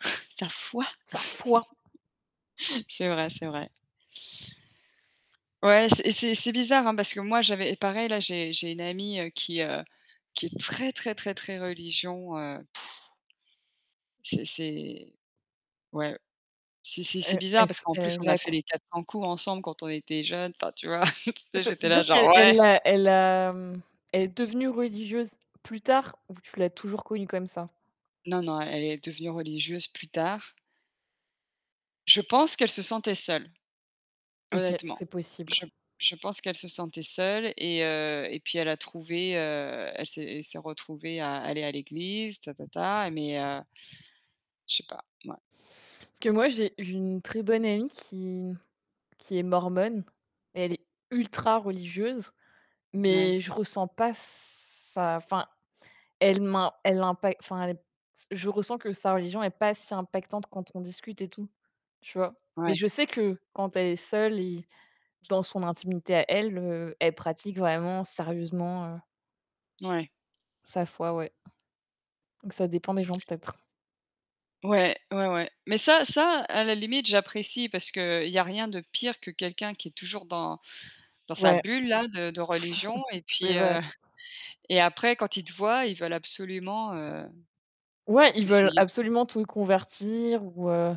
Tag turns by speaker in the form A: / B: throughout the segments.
A: Sa foi!
B: Sa foi!
A: C'est vrai, c'est vrai. Ouais, c'est c'est c'est bizarre, hein, parce que moi, j'avais pareil, là, j'ai j'ai une amie, heu, qui, heu, qui est très, très, très, très religion, heu C'est c'est ouais. C'est c'est c'est
B: Est
A: bizarre, parce
B: est-ce
A: qu'en plus, on
B: elle
A: a
B: a qu
A: fait les quatre cents coups ensemble, quand on était jeunes. Enfin, tu vois? Tu
B: Et
A: sais,
B: c'est
A: j'étais
B: dire
A: là, genre:
B: qu'e
A: «Ouais».
B: elle a elle, est devenue religieuse plus tard, ou tu l'as toujours connue comme ça?
A: Non, non, elle est devenue religieuse, plus tard. Je pense qu'elle se sentait seule,
B: OK, c'est
A: honnêtement.
B: possible.
A: Je je pense qu'elle se sentait seule, et heu, et puis elle a trouvé, heu, elle s'est elle s'est retrouvée à aller à l'église, ta ta ta, mais heu Je sais pas, mouais.
B: Parce que moi, j'ai une très bonne amie qui qui est mormone. Elle est ultra religieuse,
A: N ouais.
B: mais je ressens pas s sa enfin, elle m'im elle impa enfin, elle est p je ressens que sa religion est pas si impactante quand on discute et tout, tu vois? Mais
A: Ouais.
B: je sais que quand elle est seule et dans son intimité à elle, heu, elle pratique vraiment sérieusement, heu
A: Mouais.
B: sa foi, ouais. Donc ça dépend des gens, peut-être.
A: Ouais, ouais, ouais, mais ça ça, à la limite j'apprécie. Parce qu'il y a rien de pire que quelqu'un qui est toujours dans dans sa
B: Ouais,
A: bulle, là, de de religion et
B: C'est
A: puis,
B: vrai.
A: heu, et après quand ils te voient, ils veulent absolument, heu,
B: Ouais, ils veulent
A: essayer
B: absolument te convertir, ou heu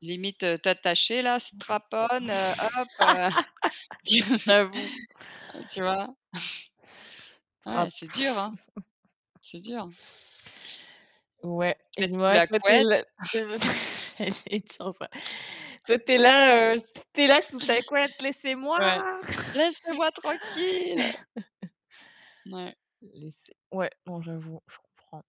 A: limite, heu, t'attacher là, strap on, heu, hop, heu
B: J'avoue.
A: tu vois? Ah ouais,
B: Trappe.
A: c'est dur, hein. C'est dur.
B: Ouais,
A: Te
B: et
A: mettre, sous
B: moi
A: la
B: toi, es
A: couette.
B: là, c'est ce que j'allais dire, en vrai. toi, tu es là, heu, s tu es là, sous ta couette: «Laissez-moi!»
A: Ouais. Laissez-moi tranquille! Mouais.
B: Laissez ouais, non, j'avoue, je comprends.